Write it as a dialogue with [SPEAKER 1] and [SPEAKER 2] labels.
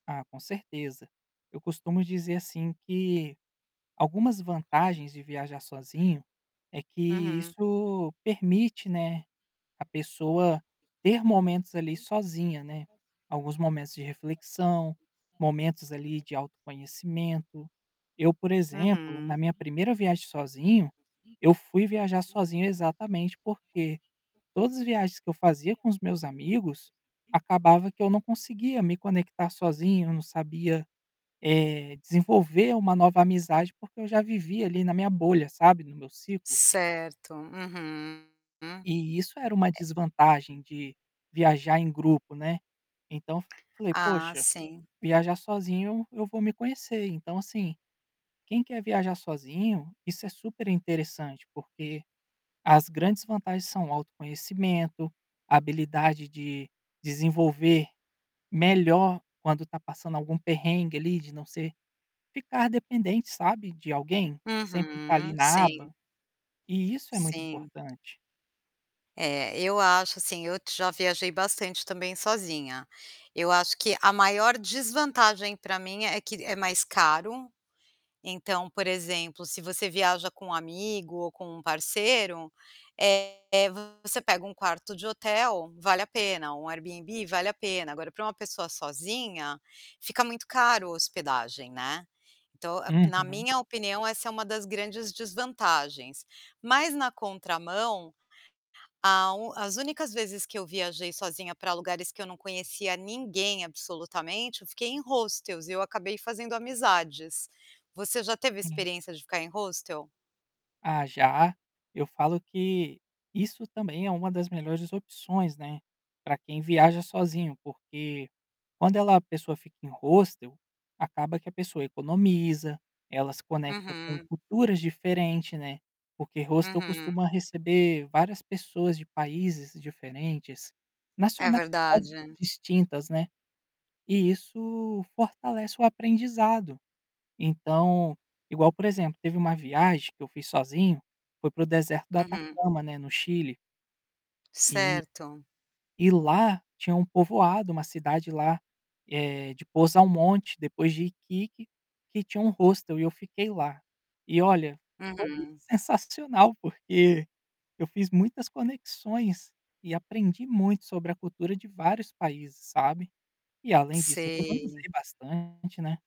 [SPEAKER 1] Ah, com certeza. Eu costumo dizer assim que, algumas vantagens de viajar sozinho, é que
[SPEAKER 2] Uhum.
[SPEAKER 1] isso permite, né, a pessoa ter momentos ali sozinha, né, alguns momentos de reflexão, momentos ali de autoconhecimento. Eu, por exemplo, na
[SPEAKER 2] Uhum.
[SPEAKER 1] minha 1º viagem sozinho, eu fui viajar sozinho exatamente porque, todas viagens que eu fazia com os meus amigos, acabava que eu não conseguia me conectar sozinho, eu não sabia, eh, desenvolver uma nova amizade, porque eu já vivi ali na minha bolha, sabe, no meu ciclo.
[SPEAKER 2] Certo. Uhum, hum.
[SPEAKER 1] E isso era uma
[SPEAKER 2] É
[SPEAKER 1] desvantagem de viajar em grupo, né. Então, falei
[SPEAKER 2] Ah,
[SPEAKER 1] poxa,
[SPEAKER 2] sim.
[SPEAKER 1] viajar sozinho eu vou me conhecer, então, assim, quem quer viajar sozinho, isso é super interessante, porque as grandes vantagens são autoconhecimento, habilidade de desenvolver melhor quando tá passando algum perrengue ali de não ser de ficar dependente sabe de alguém, sempre tá ali
[SPEAKER 2] Uhum.
[SPEAKER 1] na
[SPEAKER 2] Sim.
[SPEAKER 1] aba, e isso é muito
[SPEAKER 2] Sim.
[SPEAKER 1] importante.
[SPEAKER 2] É, eu acho, assim, eu já viajei bastante também sozinha. Eu acho que a maior desvantagem pra mim é que é mais caro, então, por exemplo, se você viaja com um amigo ou com um parceiro, eh, você pega um quarto de hotel, vale a pena, um Airbnb vale a pena, agora pra uma pessoa sozinha, fica muito caro a hospedagem, né. Então, na
[SPEAKER 1] Uhum.
[SPEAKER 2] minha opinião essa é uma das grandes desvantagens, mas na contramão, a u as únicas vezes que eu viajei sozinha pra lugares que eu não conhecia ninguém absolutamente, eu fiquei em hostels e eu acabei fazendo amizades. Você já teve
[SPEAKER 1] Hum.
[SPEAKER 2] experiência de ficar em hostel?
[SPEAKER 1] Ah já, eu falo que, isso também é uma das melhores opções, né, pra quem viaja sozinho, porque quando ela a pessoa fica em hostel, acaba que a pessoa economiza, ela se conecta com
[SPEAKER 2] Uhum.
[SPEAKER 1] culturas diferente, né, porque hostel
[SPEAKER 2] Uhum.
[SPEAKER 1] costuma receber várias pessoas de países diferentes,
[SPEAKER 2] É
[SPEAKER 1] nacionais
[SPEAKER 2] verdade.
[SPEAKER 1] distintas, né, e isso fortalece o aprendizado. Então, igual, por exemplo, teve uma viagem que eu fiz sozinho, foi para o deserto do
[SPEAKER 2] Uhum.
[SPEAKER 1] Atacama, né, no Chile e
[SPEAKER 2] Certo.
[SPEAKER 1] e lá tinha um povoado, uma cidade lá, eh, de Posal Monte depois de Iquique, que tinha um hostel e eu fiquei lá. E olha, foi
[SPEAKER 2] Uhum.
[SPEAKER 1] sensacional, porque eu fiz muitas conexões, e aprendi muito sobre a cultura de vários países, sabe. E além disso
[SPEAKER 2] Sei.
[SPEAKER 1] economizei bastante, né.